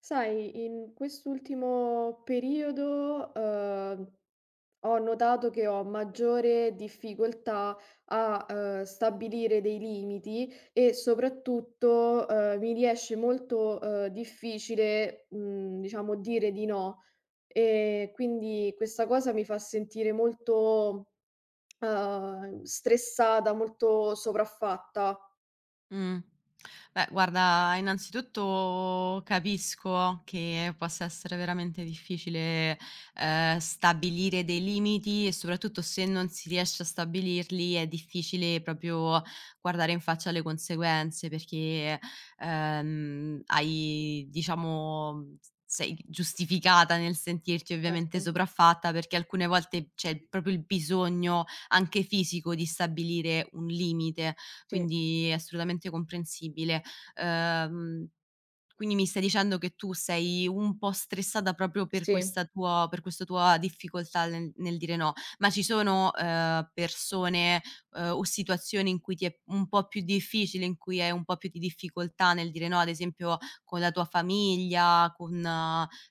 Sai, in quest'ultimo periodo, ehm, ho notato che ho maggiore difficoltà a, uhm, stabilire dei limiti e soprattutto, uhm, mi riesce molto, uhm, difficile, mhmm, diciamo, dire di no. Ehm, quindi questa cosa mi fa sentire molto, ehm, stressata, molto sopraffatta. Mh, beh, guarda, innanzitutto, capisco che possa essere veramente difficile, ehm, stabilire dei limiti e soprattutto se non si riesce a stabilirli, è difficile proprio guardare in faccia le conseguenze perché, ehm, hai diciamo, s sei giustificata nel sentirti, ovviamente, Certo. sopraffatta perché alcune volte c'è proprio il bisogno, anche fisico, di stabilire un limite, Sì. quindi è assolutamente comprensibile. Uhm, quindi mi stai dicendo che tu sei un po' stressata proprio per Sì. questa tua per questo tua difficoltà le nel dire "no". Ma ci sono, uhm, persone, uhm, o situazioni in cui ti è un po' più difficile, in cui hai un po' più di difficoltà nel dire "no", ad esempio, con la tua famiglia, con,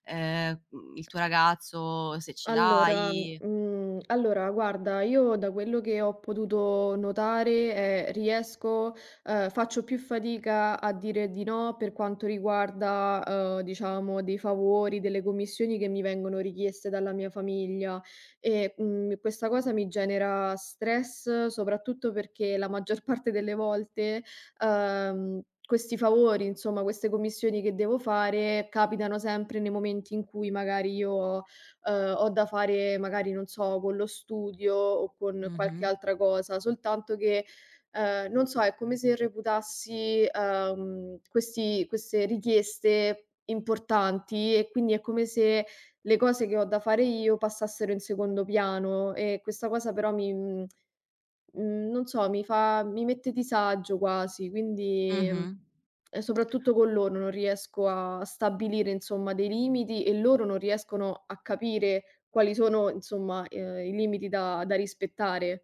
ehm, mhmm, il tuo ragazzo, se ce Allora l'hai? mhmm, allora, guarda, io da quello che ho potuto notare, ehm, riesco ehm, faccio più fatica a dire di no per quanto riguarda, uhm, diciamo, dei favori, delle commissioni che mi vengono richieste dalla mia famiglia e, mhmm, questa cosa mi genera stress, soprattutto perché la maggior parte delle volte, uhm, questi favori, insomma, queste commissioni che devo fare, capitano sempre nei momenti in cui magari io, uhm, ho da fare magari non so, con lo studio o con qualche Mh-mh. altra cosa, soltanto che, ehm, non so, è come se reputassi, uhm, questi queste richieste importanti e quindi è come se le cose che ho da fare io passassero in secondo piano e questa cosa, però, mi mhmm, mhmm, non so, mi fa mi mette disagio quasi, quindi Mh-mh. e soprattutto con loro non riesco a stabilire, insomma, dei limiti e loro non riescono a capire quali sono, insomma, uhm, i limiti da da rispettare.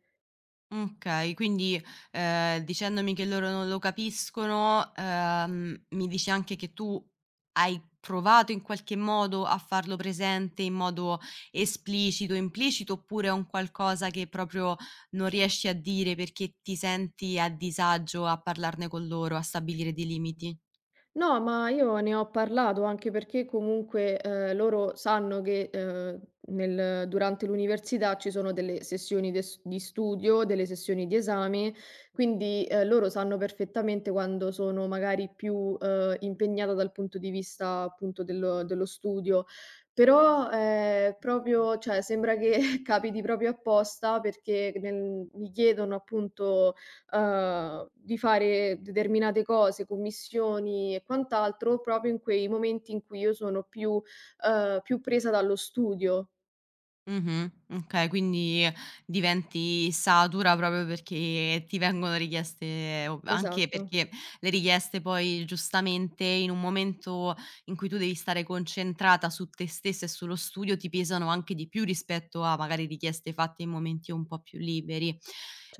Mh, okay. Quindi, ehm, dicendomi che loro non lo capiscono, ehm, mi dici anche che tu hai provato, in qualche modo, a farlo presente in modo esplicito, implicito, oppure è un qualcosa che proprio non riesci a dire perché ti senti a disagio a parlarne con loro, a stabilire dei limiti. No ma io ne ho parlato, anche perché, comunque, uhm, loro sanno che, uhm, nel durante l'università ci sono delle sessioni de s di studio, delle sessioni di esame, quindi, ehm, loro sanno perfettamente quando sono magari più, uhm, impegnata dal punto di vista appunto del dello studio. Però, ehm, proprio cioè sembra che capiti proprio apposta perché c nel mi chiedono, appunto, uhm, di fare determinate cose, commissioni e quant'altro, proprio in quei momenti in cui io sono più uhm, più presa dallo studio. Mh-mh, okay, quindi diventi satura proprio perché ti vengono richieste o anche Esatto. perché le richieste poi, giustamente, in un momento in cui tu devi stare concentrata su te stessa e sullo studio, ti pesano anche di più rispetto a magari richieste fatte in momenti un po' più liberi.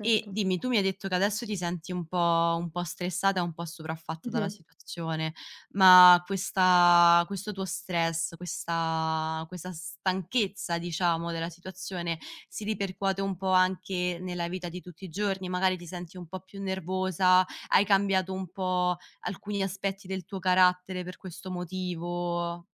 E dimmi: tu mi hai detto che adesso ti senti un po' un po' stressata, un po' sopraffatta dalla Mh-mh. situazione, ma questa questo tuo stress, questa questa stanchezza, diciamo, della situazione, si ripercuote un po' anche nella vita di tutti i giorni, magari ti senti un po' più nervosa, hai cambiato un po' alcuni aspetti del tuo carattere per questo motivo?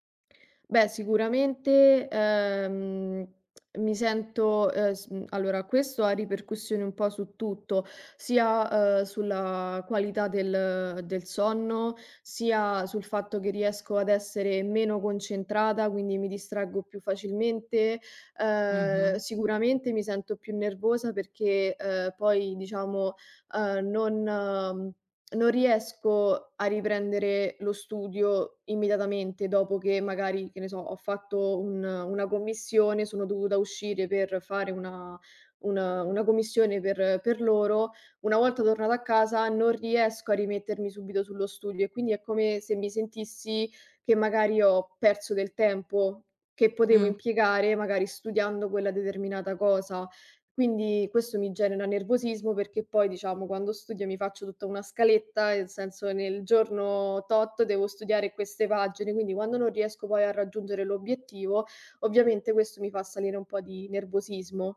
Beh, sicuramente, ehm, mi sento, uhm, s allora, questo ha ripercussioni un po' su tutto, sia, uhm, sulla qualità del del sonno, sia sul fatto che riesco ad essere meno concentrata, quindi mi distraggo più facilmente. Ehm, Mh-mh. sicuramente, mi sento più nervosa perché, uhm, poi, diciamo, uhm, non non riesco a riprendere lo studio immediatamente dopo che magari, che ne so, ho fatto un una commissione, sono dovuta uscire per fare una un una commissione per per loro; una volta tornata a casa, non riesco a rimettermi subito sullo studio e quindi è come se mi sentissi che magari ho perso del tempo, che potevo Mh. impiegare magari studiando quella determinata cosa. Quindi, questo mi genera nervosismo perché poi, diciamo, quando studio mi faccio tutta una scaletta, nel senso nel giorno tot devo studiare queste pagine, quindi quando non riesco poi a raggiungere l'obiettivo, ovviamente, questo mi fa salire un po' di nervosismo.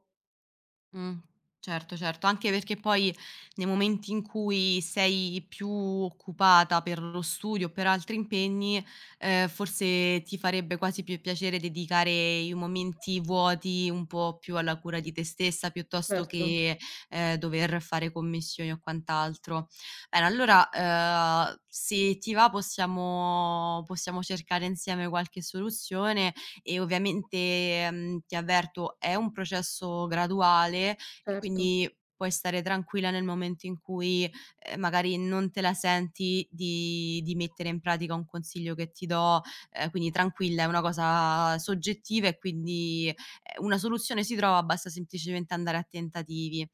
Mh. Certo, certo anche perché poi nei momenti in cui sei più occupata per lo studio o per altri impegni, uhm, forse, ti farebbe quasi più piacere dedicare i momenti vuoti un po' più alla cura di te stessa, piuttosto Certo. che, ehm, dover fare commissioni o quant'altro. Bene, allora, ehm, se ti va, possiamo possiamo cercare insieme qualche soluzione, e, ovviamente, mhmm, ti avverto, è un processo graduale, quindi Certo. puoi stare tranquilla nel momento in cui, ehm, magari non te la senti di di mettere in pratica un consiglio che ti do, ehm, quindi tranquilla, è una cosa soggettiva e quindi, ehm, una soluzione si trova, basta semplicemente andare a tentativi.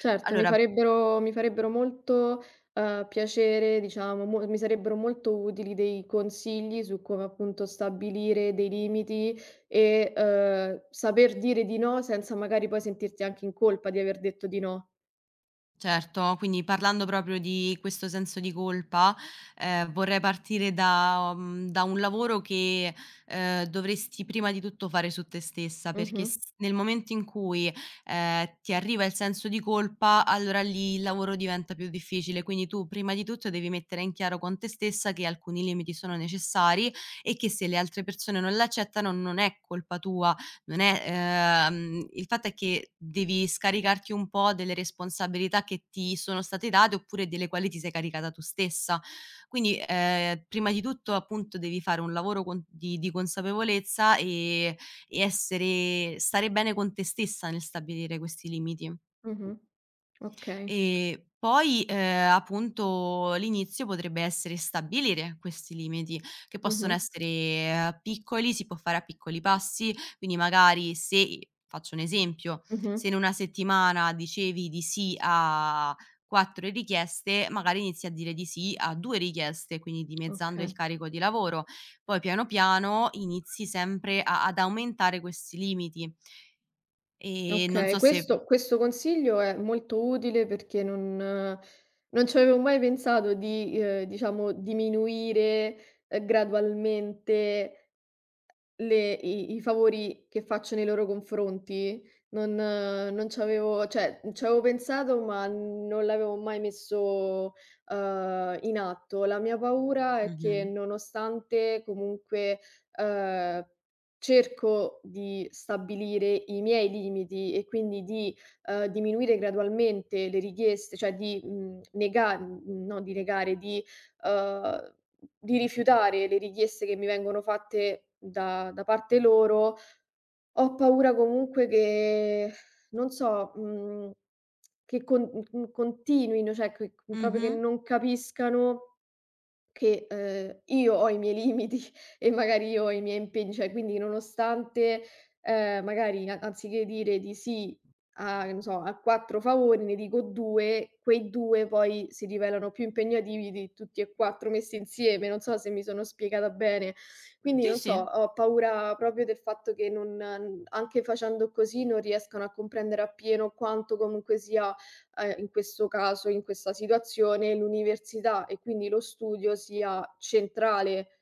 Certo, mi Allora farebbero mi farebbero molto, uhm, piacere, diciamo, mo mi sarebbero molto utili dei consigli su come, appunto, stabilire dei limiti e, uhm, saper dire di no senza magari poi sentirti anche in colpa di aver detto di no. Certo, quindi parlando proprio di questo senso di colpa, ehm, vorrei partire da uhm, da un lavoro che, ehm, dovresti prima di tutto fare su te stessa. Perché Mh-mh. s nel momento in cui, ehm, ti arriva il senso di colpa, allora lì il lavoro diventa più difficile quindi tu prima di tutto devi mettere in chiaro con te stessa che alcuni limiti sono necessari e che se le altre persone non l'accettano non è colpa tua, non è ehm, il fatto è che devi scaricarti un po' delle responsabilità che ti sono state date oppure delle quali ti sei caricata tu stessa. Quindi, ehm, prima di tutto, appunto, devi fare un lavoro con di di consapevolezza e e essere stare bene con te stessa nel stabilire questi limiti. Mh-mh. Okay. E poi ehm, appunto l'inizio potrebbe essere stabilire questi limiti, che possono Mh-mh. essere piccoli, si può fare a piccoli passi, quindi magari se ehm, faccio un esempio, se Mh-mh. in una settimana dicevi di sì a 4 richieste, magari inizi a dire di sì a 2 richieste, quindi dimezzando il Oka carico di lavoro. Poi piano piano inizi sempre a ad aumentare questi limiti. E non Okay, so se questo questo consiglio è molto utile perché non non ci avevo mai pensato di, uhm, diciamo diminuire, uhm, gradualmente le i i favori che faccio nei loro confronti. Non non c'avevo cioè c'avevo pensato ma non l'avevo mai messo, uhm, in atto. La mia paura è che Mh-mh. nonostante comunque, uhm, cerco di stabilire i miei limiti e quindi di, uhm, diminuire gradualmente le richieste, cioè di, mhmm, nega no di negare, di uhm, di rifiutare le richieste che mi vengono fatte da da parte loro, ho paura comunque che non so, mhmm, che con n n continuino, cioè que che proprio che Mh-mh. non capiscano che ehm, io ho i miei limiti e magari io ho i miei impegni, cioè quindi nonostante, ehm, magari a anziché che dire di sì a non so, a 4 favori, ne dico 2, quei 2 poi si rivelano più impegnativi di tutti e 4 messi insieme, non so se mi sono spiegata bene. Quindi Sì, non so, sì. ho paura proprio del fatto che non anche facendo così non riescano a comprendere appieno quanto comunque sia, ehm, in questo caso, in questa situazione, l'università e quindi lo studio sia centrale.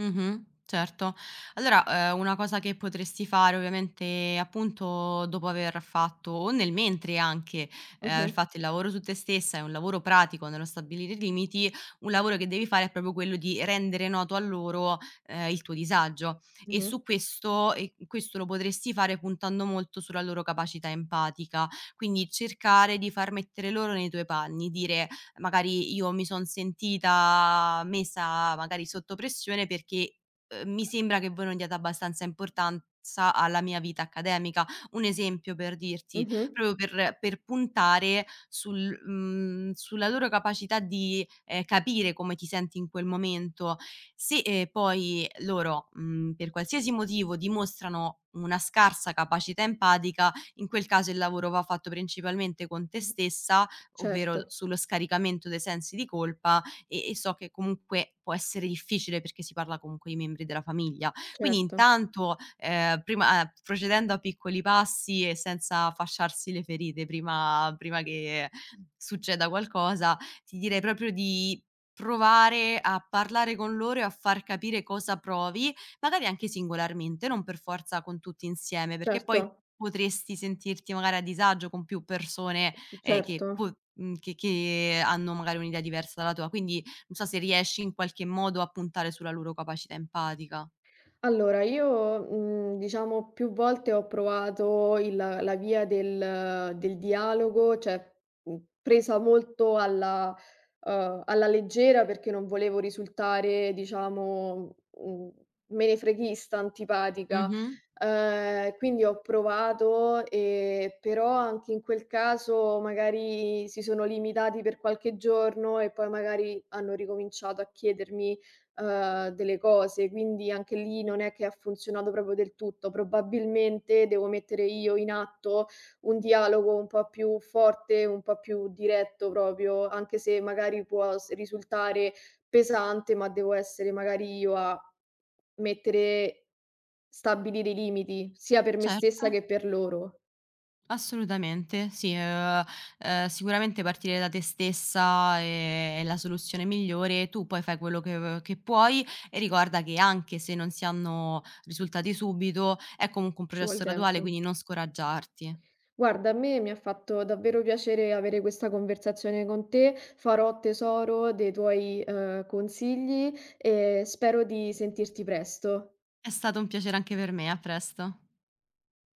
Mh-mh, certo. Allora, uhm, una cosa che potresti fare ovviamente, appunto, dopo aver fatto o nel mentre anche, uhm, aver Mh-mh. fatto il lavoro su te stessa e un lavoro pratico nello stabilire i limiti, un lavoro che devi fare è proprio quello di rendere noto a loro, ehm, il tuo disagio. E Mh-mh. su questo e q questo lo potresti fare, puntando molto sulla loro capacità empatica, quindi cercare di far mettere loro nei tuoi panni, dire: "Magari io mi son sentita messa, magari, sotto pressione perché, uhm, mi sembra che voi non diate abbastanza importanza alla mia vita accademica"; un esempio, per dirti, Mh-mh. proprio per per puntare sul mhmm, sulla loro capacità di, ehm, capire come ti senti in quel momento, se, ehm, poi loro, mhmm, per qualsiasi motivo, dimostrano una scarsa capacità empatica, in quel caso il lavoro va fatto principalmente con te Mh-mh. stessa, ovvero l Certo. sullo scaricamento dei sensi di colpa, e e so che comunque può essere difficile perché si parla comunque di membri della famiglia. Quindi Certo. intanto, ehm, prima uhm, procedendo a piccoli passi e senza fasciarsi le ferite prima prima che succeda qualcosa, ti direi proprio di provare a parlare con loro e a far capire cosa provi, magari anche singolarmente, non per forza con tutti insieme, perché poi Certo. potresti sentirti magari a disagio con più persone, ehm, che Certo. po mhmm, che che hanno magari un'idea diversa dalla tua, quindi non so se riesci, in qualche modo, a puntare sulla loro capacità empatica. Allora io, mhmm, diciamo, più volte ho provato il la via del del dialogo, cioè, mhmm, presa molto alla uhm, alla leggera perché non volevo risultare, diciamo, mhmm, menefreghista, antipatica. Mh-mh. Uhm, quindi ho provato e però, anche in quel caso magari si sono limitati per qualche giorno e poi magari hanno ricominciato a chiedermi, uhm, delle cose, quindi, anche lì, non è che ha funzionato proprio del tutto. Probabilmente, devo mettere io in atto un dialogo un po' più forte, un po' più diretto proprio, anche se magari può s risultare pesante, ma devo essere magari io a mettere stabilire i limiti, sia per me stessa che Certo. per loro. Assolutamente. Sì, uhm, uhm, sicuramente, partire da te stessa è è la soluzione migliore e tu poi fai quello che v che puoi e ricorda che anche se non si hanno risultati subito, è comunque un Ci vuol processo graduale, tempo. quindi non scoraggiarti. Guarda, a me mi ha fatto davvero piacere avere questa conversazione con te, farò tesoro dei tuoi, uhm, consigli e spero di sentirti presto. È stato un piacere anche per me, a presto.